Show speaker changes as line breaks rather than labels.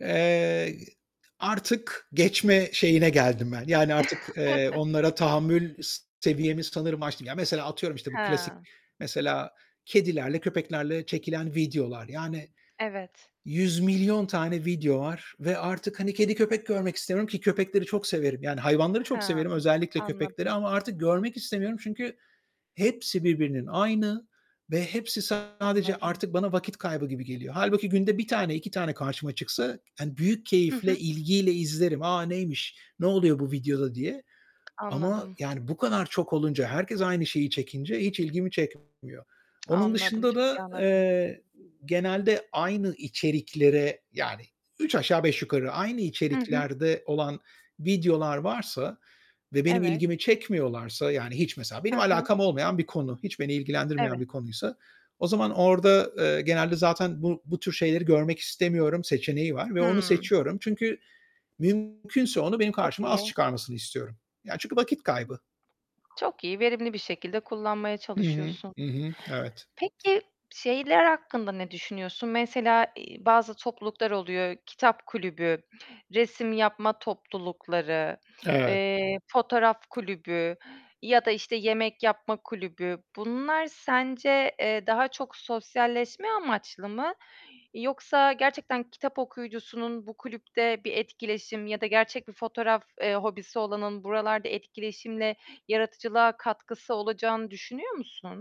Eee, artık geçme şeyine geldim ben yani artık, eee, onlara tahammül s seviyemi sanırım aştım. Ya, mesela atıyorum, işte, bu klasik
Hıı.
mesela kedilerle, köpeklerle çekilen videolar. Yani
Evet.
100.000.000 tane video var ve artık hani kedi, köpek görmek istemiyorum ki köpekleri çok severim. Yani hayvanları çok severim,
Hmm,
özellikle köpekleri
anladım.
ama artık görmek istemiyorum. Çünkü hepsi birbirinin aynı ve hepsi sadece
Anladım.
artık bana vakit kaybı gibi geliyor. Hâlbuki günde 1 tane, 2 tane karşıma çıksa, hani büyük
Hı
keyifle,
hı.
ilgiyle izlerim. "A! Neymiş, ne oluyor bu videoda?" diye ama
Anladım.
yani bu kadar çok olunca, herkes aynı şeyi çekince hiç ilgimi çekmiyor. Onun
Anladım,
dışında
çok iyi
da,
anladım.
eee, genelde aynı içeriklere yani üç aşağı beş yukarı aynı
Hı hı.
içeriklerde olan videolar varsa ve benim
Evet.
ilgimi çekmiyorlarsa, yani hiç mesela benim
Hı hı.
alakam olmayan bir konu, hiç beni ilgilendirmeyen
Evet.
bir konuysa, o zaman orada, eee, genelde zaten bu bu tür şeyleri görmek istemiyorum seçeneği var ve onu
Hıı.
seçiyorum çünkü mümkünse onu benim
Çok
karşıma az
iyi.
çıkarmasını istiyorum. Ya, çünkü vakit kaybı.
Çok iyi, verimli bir şekilde kullanmaya
Hı hı,
çalışıyorsun.
hı hı, evet.
Peki şeyler hakkında ne düşünüyorsun? Mesela, iii, bazı topluluklar oluyor: kitap kulübü, resim yapma toplulukları,
Evet.
eee, fotoğraf kulübü ya da, işte, yemek yapma kulübü. Bunlar sence, eee, daha çok sosyalleşme amaçlı mı yoksa gerçekten kitap okuyucusunun bu kulüpte bir etkileşim ya da gerçek bir fotoğraf, eee, hobisi olanın buralarda etkileşimle yaratıcılığa katkısı olacağını düşünüyor musun?